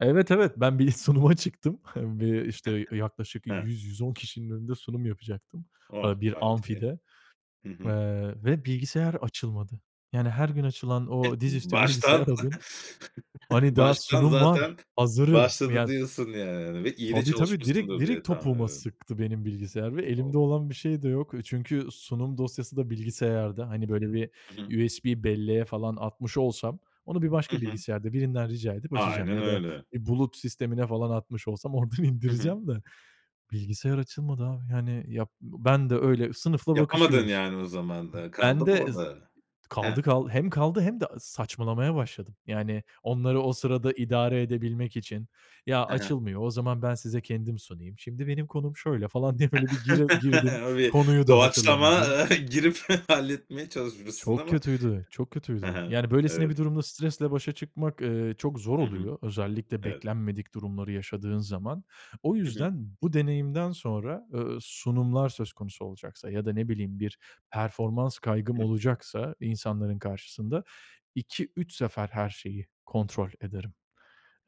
Evet, evet, ben bir sunuma çıktım. Bir işte yaklaşık Hıı. 100- 110 kişinin önünde sunum yapacaktım, eee, bir amfide, [unintelligible] Hı hı. eee, ve bilgisayar açılmadı. Yani, her gün açılan E o dizüstü bilgisayar, baştan o gün hani, daha baştan sunum var, zaten hazırım. başladı Ya diyorsun, yani, hani, ve iyi de Tabii, tabii, direkt çalışmışsındır direkt diye tahmin topuğuma ediyorum. sıktı benim bilgisayar ve elimde O! olan bir şey de yok, eee, çünkü sunum dosyası da bilgisayarda, hani, böyle, bir Hı hı. USB belleğe falan atmış olsam, onu bir Hı başka hı. bilgisayarda birinden rica edip açacağım Aynen ya da öyle. bir, eee, bulut sistemine falan atmış olsam oradan Hı hı. indireceğim de, bilgisayar açılmadı abi. Yani, yap ben de öyle sınıfla Yapamadın, bakışıyoruz. yani, o zaman da. Iıı, kaldı Ben mı de z orada? Kaldı, He. kaldı, hem kaldı hem de saçmalamaya başladım. Yani, onları o sırada idare edebilmek için, ya, Hı hı. açılmıyor, o zaman ben size kendim sunayım, şimdi benim konum şöyle falan diye böyle bir giril girdim, Öyle konuyu da doğaçlama, hatırlamadım. ııı, girip halletmeye çalışmışsın Çok ama. kötüydü, çok Hı kötüydü. hı. Yani, böylesine Evet. bir durumda stresle başa çıkmak, eee, çok zor Hı hı. oluyor. Özellikle Evet. beklenmedik durumları yaşadığın zaman. O Hı hı. yüzden bu deneyimden sonra, eee, sunumlar söz konusu olacaksa ya da ne bileyim bir performans kaygım Hı hı. olacaksa insanların karşısında 2-3 sefer her şeyi kontrol ederim.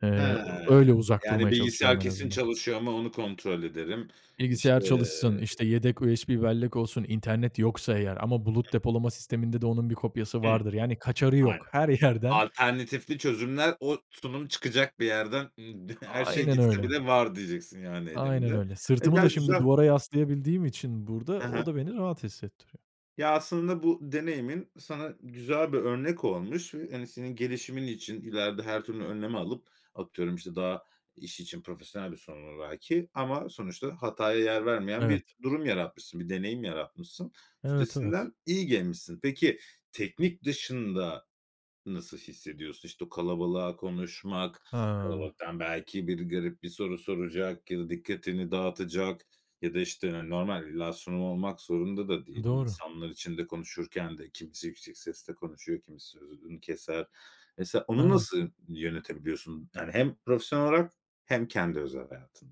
Eee, Hıı. öyle uzak Yani, durmaya çalışıyorum bilgisayar en kesin azından. çalışıyor ama onu kontrol ederim. Bilgisayar İşte çalışsın, işte yedek USB bellek olsun, internet yoksa eğer ama bulut [unintelligible] depolama sisteminde de onun bir kopyası Hıı. vardır. Yani, kaçarı Aynen. yok. Her yerden. Alternatifli çözümler, o sunum çıkacak bir yerden. Hı. [unintelligible] Her şey Aynen gitse öyle. bile var diyeceksin yani Aynen elimde. öyle. Sırtımı da [unintelligible] şimdi güzel. duvara yaslayabildiğim için burada, Hı o hı. da beni rahat hissettiriyor. Ya, aslında bu deneyimin sana güzel bir örnek olmuş ve, hani, senin gelişimin için ileride her türlü önlemi alıp, atıyorum, işte, daha, iş için profesyonel bir sorun, [unintelligible] belki, ama sonuçta hataya yer vermeyen bir Evet. durum yaratmışsın bir deneyim yaratmışsın. Evet, evet. Üstesinden iyi gelmişsin. Peki, teknik dışında nasıl hissediyorsun? İşte, o kalabalığa konuşmak, Hıı. kalabalıktan, belki, biri garip bir soru soracak ya da dikkatini dağıtacak ya da, işte, hani, normal bir illa sorun olmak zorunda da değil. Doğru. İnsanlar içinde konuşurken de kimisi yüksek sesle konuşuyor, kimisi sözünü keser. Mesela onu Evet. nasıl yönetebiliyorsun? Yani, hem profesyonel olarak hem kendi özel hayatında.